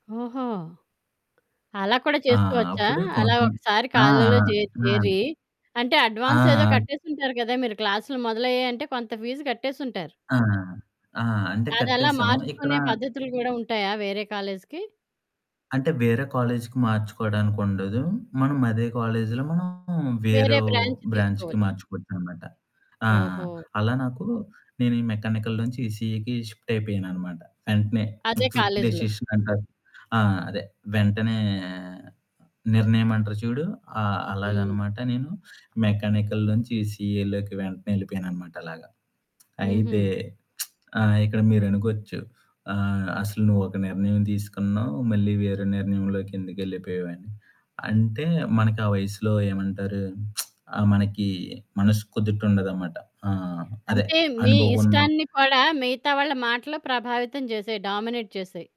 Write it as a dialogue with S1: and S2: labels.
S1: ఓహో! అలా కూడా
S2: ఆ!
S1: చేసుకోవచ్చా?
S2: అప్పుడు
S1: అలా
S2: కొంచెం
S1: ఒకసారి
S2: ఆ!
S1: కాలేజీలో
S2: ఆ!
S1: జే
S2: ఆ!
S1: చేరి అంటే
S2: ఆ!
S1: అడ్వాన్స్ ఏదో
S2: ఆ!
S1: కట్టేసుంటారు కదా! మీరు క్లాసులు మొదలయ్యాయి అంటే కొంత ఫీజు కట్టేసుంటారు.
S2: ఆ! ఆ! ఆ! అంటే
S1: అదలా
S2: కట్టేసాము ఇక్కడ
S1: మార్చుకునే పద్ధతులు గూడా ఉంటాయా వేరే కాలేజీకి.
S2: అంటే వేరే కాలేజీకి మార్చుకోడానికి ఉండదు. మనం అదే కాలేజీలో మనం
S1: వేరే
S2: వేరేవు
S1: బ్రాంచ్
S2: బ్రాంచ్‌కి
S1: తీసుకోవచ్చు.
S2: మార్చుకోవచ్చనమాట. ఆ!
S1: ఓహో!
S2: అలా నాకు నేను ఈ మెకానికల్ నుంచి ఈ ఈసీఈకి షిఫ్ట్ అయిపోయాను అనమాట. వెంటనే
S1: అదే
S2: క్విక్
S1: కాలేజీలో.
S2: డెసిషన్ అన్నట్టు. ఆహ్, అదే వెంటనే నిర్ణయం అంటారు చూడు. ఆ!
S1: హ్మ్.
S2: అలాగనమాట నేను మెకానికల్ నుంచి ఈసీఈలోకి వెంటనే వెళ్ళిపోయాను అనమాట అలాగా. అయితే
S1: హుహు.
S2: ఆ! ఇక్కడ మీరనుకోవచ్చు, ఆహ్, అసలు నువ్వు ఒక నిర్ణయం తీసుకున్నావు, మళ్ళీ వేరే నిర్ణయంలోకెందుకెళ్ళిపోయావని. అంటే మనకి ఆ వయసులో ఏమంటారు? ఆహ్, మనకి మనసు కుదుటు ఉండదన్నమాట. ఆహ్, అదే
S1: అంటే మీ
S2: అనుభవం ఉన్న
S1: ఇష్టాన్ని కూడా మిగతా వాళ్ళ మాటలు ప్రభావితం చేసేయి, డామినేట్ చేసేయి.